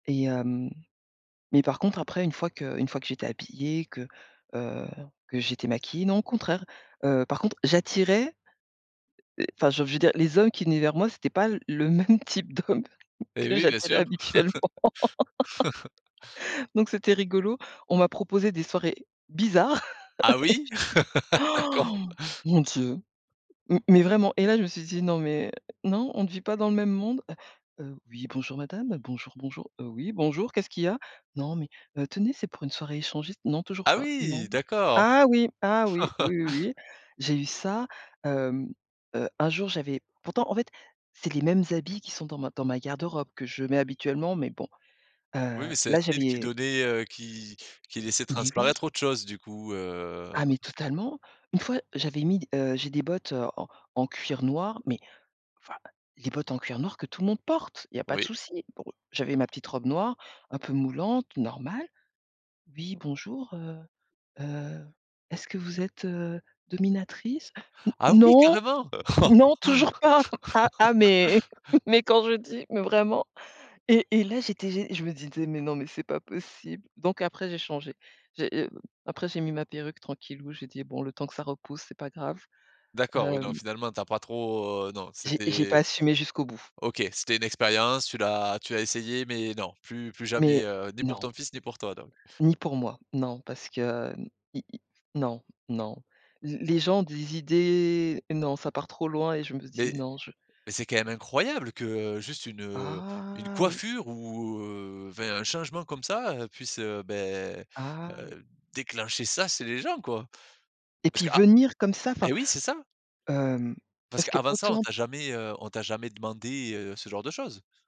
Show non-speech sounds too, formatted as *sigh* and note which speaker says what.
Speaker 1: Et hem mais par contre après une fois que une fois que j'étais habillée, que, heu, que j'étais maquillée non au contraire, heu, par contre j'attirais, heu enfin, je veux je veux dire les hommes qui venaient vers moi, c'était pas le le même type d'hommes,
Speaker 2: Et
Speaker 1: que
Speaker 2: oui bien
Speaker 1: j'attirais
Speaker 2: sûr.
Speaker 1: habituellement.
Speaker 2: *laughs*
Speaker 1: *laughs* Donc c'était rigolo, on m'a proposé des soirées bizarres.
Speaker 2: Ah oui?
Speaker 1: *laughs*
Speaker 2: *laughs* D'accord.
Speaker 1: Han! Mon Dieu, m mais vraiment et là je me suis dit: «Non mais non, on ne vit pas dans le même monde», heu, «Oui bonjour madame. Bonjour, bonjour.» «Heu, oui bonjour, qu'est-ce qu'il y a?» «Non mais heu, tenez c'est pour une soirée échangiste.» «Non toujours
Speaker 2: Ah
Speaker 1: pas,
Speaker 2: oui,
Speaker 1: non».
Speaker 2: d'accord.
Speaker 1: Ah oui ah oui, oui, oui, oui,
Speaker 2: *laughs*
Speaker 1: j'ai eu ça. Hem heu, un jour j'avais pourtant en fait, c'est les mêmes habits qui sont dans ma dans ma garde-robe, que je mets habituellement mais bon,
Speaker 2: Oui,
Speaker 1: heu,
Speaker 2: mais c'est un
Speaker 1: là
Speaker 2: style qui
Speaker 1: j'avais
Speaker 2: donnait, heu qui qui laissait
Speaker 1: Mais oui.
Speaker 2: transparaître autre chose du coup, heu
Speaker 1: Ah mais totalement! Une fois, j'avais mis d heu, j'ai des bottes, heu, en en cuir noir mais enfin, les bottes en cuir noir que tout le monde porte, il y a pas de
Speaker 2: Oui.
Speaker 1: souci. Bon j'avais ma petite robe noire, un peu moulante, normale. «Oui bonjour, heu heu, est-ce que vous êtes, heu, dominatrice?» *gasps*
Speaker 2: Ah oui
Speaker 1: «Non,
Speaker 2: carrément!
Speaker 1: non toujours pas!» *chuckles* Ah ah, mais
Speaker 2: *laughs*
Speaker 1: *chuckles* mais quand je dis, mais vraiment et et là j'étais gé je me disais: «Mais non mais c'est pas possible», donc après j'ai changé, j'ai, heu, après j'ai mis ma perruque tranquillou, j'ai dit: «Bon le temps que ça repousse c'est pas grave».
Speaker 2: D'accord, oui non,
Speaker 1: Hem
Speaker 2: finalement tu as pas trop, heu, non
Speaker 1: J'ai j'ai pas
Speaker 2: c'était
Speaker 1: assumé jusqu'au bout.
Speaker 2: OK, c'était une expérience, tu l'as tu as essayé, mais non, plus plus
Speaker 1: Mais
Speaker 2: jamais, heu, ni pour
Speaker 1: non.
Speaker 2: ton fils, ni pour toi donc.
Speaker 1: Ni pour moi, non parce que i i non, non, l les gens ont des idées non ça part trop loin et je me dis
Speaker 2: Mais
Speaker 1: non, je
Speaker 2: mais c'est quand même
Speaker 1: je
Speaker 2: incroyable que, juste une, heu, une
Speaker 1: Ah oui.
Speaker 2: coiffure ou heu enfin un changement comme ça, heu, puisse, heu beh,
Speaker 1: Ah oui.
Speaker 2: heu, déclencher ça c'est les gens quoi!
Speaker 1: Et
Speaker 2: Parce
Speaker 1: puis
Speaker 2: que à
Speaker 1: venir comme ça enfin,
Speaker 2: et oui c'est ça, heu,
Speaker 1: hem
Speaker 2: parce
Speaker 1: parce
Speaker 2: que avant ça on
Speaker 1: qu'autant
Speaker 2: t'a jamais, heu on t'a jamais demandé, heu, ce genre de choses?